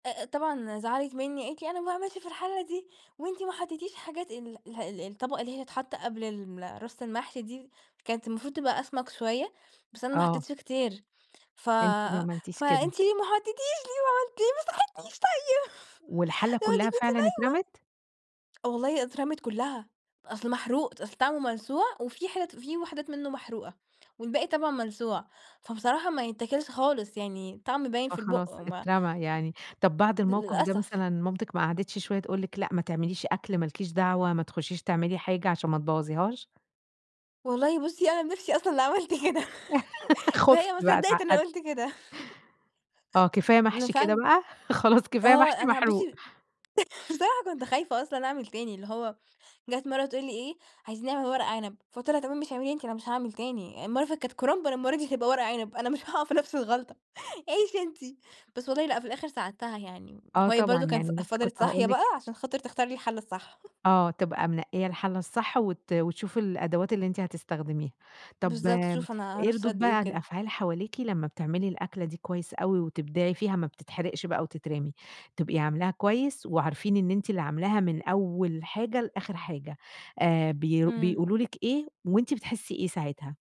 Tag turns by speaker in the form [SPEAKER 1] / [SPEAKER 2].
[SPEAKER 1] أ-أ طبعًا زعلت مِنّي، قالت لي: "أنا ما باعملش في الحلّة دي، وأنتِ ما حطيتيش حاجات" ال الح ال الطبقة اللي هي تتحط قبل ال رص المحشي دي؛ كانت المفروض تبقى أسمك شوية، بس أنا ما
[SPEAKER 2] آه.
[SPEAKER 1] حطيتش كتير. "ف
[SPEAKER 2] أنتِ ما عملتيش كده.
[SPEAKER 1] فأنت ليه ما حطيتيش، ليه ما عملمتي ليه ما صحيتينيش طيب؟"
[SPEAKER 2] والحلة
[SPEAKER 1] ما أنتِ
[SPEAKER 2] كلها
[SPEAKER 1] كنتِ
[SPEAKER 2] فعلًا اترمت؟!
[SPEAKER 1] نايمة والله أترمِت كلها، أصل محروق، ت أصل طعمه ملسوع وفي حتت في وحدات منه محروقة والباقي طبعًا مَلسوع. فبصراحة ما يتاكِلش خالص يعني الطعم باين في البُق
[SPEAKER 2] فاخلاص
[SPEAKER 1] وما
[SPEAKER 2] اترمى يعني، طب بعد الموقف ده
[SPEAKER 1] للأسف.
[SPEAKER 2] مثلًا مامتِك ما قعدتش شوية تقول لك لأ ما تعمليش أكل، ما لكيش دعوة، ما تخشيش تعملي حاجة عشان ما تبوظيهاش؟
[SPEAKER 1] والله بصي، أنا بنفسي أصلًا اللي عملت كده،
[SPEAKER 2] خفتِ
[SPEAKER 1] وهي ما
[SPEAKER 2] بقى،
[SPEAKER 1] صدقت إن
[SPEAKER 2] اتعقدتِ.
[SPEAKER 1] قلت كده
[SPEAKER 2] آه كفاية محشي كده
[SPEAKER 1] [unintelligible]
[SPEAKER 2] بقى، خلاص كفاية
[SPEAKER 1] آه
[SPEAKER 2] محشي
[SPEAKER 1] أنا
[SPEAKER 2] محروق
[SPEAKER 1] بصي بصراحة كنت خايفة أصلًا أعمل تاني اللي هو جات مرة تقول لي إيه: "عايزين نعمل ورق عنب." فقُلت لها: "تمام ماشي اعمليه أنتِ، أنا مش هاعمل تاني، المرّة اللي فاتت كانت كُرنب المرة دي هتبقى ورق عنب، أنا مش هاقع في نفس الغلطة عيشي أنتِ" بس والله لأ في الآخر ساعدتها يعني
[SPEAKER 2] آه
[SPEAKER 1] وهي
[SPEAKER 2] طبعًا،
[SPEAKER 1] برضو كانت ف
[SPEAKER 2] يعني لسه كنت
[SPEAKER 1] فضلت صاحية
[SPEAKER 2] هاقول لِك
[SPEAKER 1] بقى عشان خاطر تختار لي الحلة الصح
[SPEAKER 2] آه، تبقى منقية الحلة الصح وت وتشوف الأدوات اللي أنتِ هتستخدميها. طب
[SPEAKER 1] بالضبط تشوف أنا
[SPEAKER 2] إيه
[SPEAKER 1] هارُص
[SPEAKER 2] ردود
[SPEAKER 1] قد إيه
[SPEAKER 2] بقى
[SPEAKER 1] وكده.
[SPEAKER 2] الأفعال حواليكِ لما بتعملي الأكلة دي كويس أوي وتبدعي فيها، ما بتتحرقش بقى وتترمي، تبقي عاملاها كويس، وعارفين إن أنتِ اللي عاملاها من أول حاجة لآخر حاجة، آآ ب
[SPEAKER 1] امم.
[SPEAKER 2] بيقولوا لِك ايه؟ وأنتِ بتحسي إيه ساعتها؟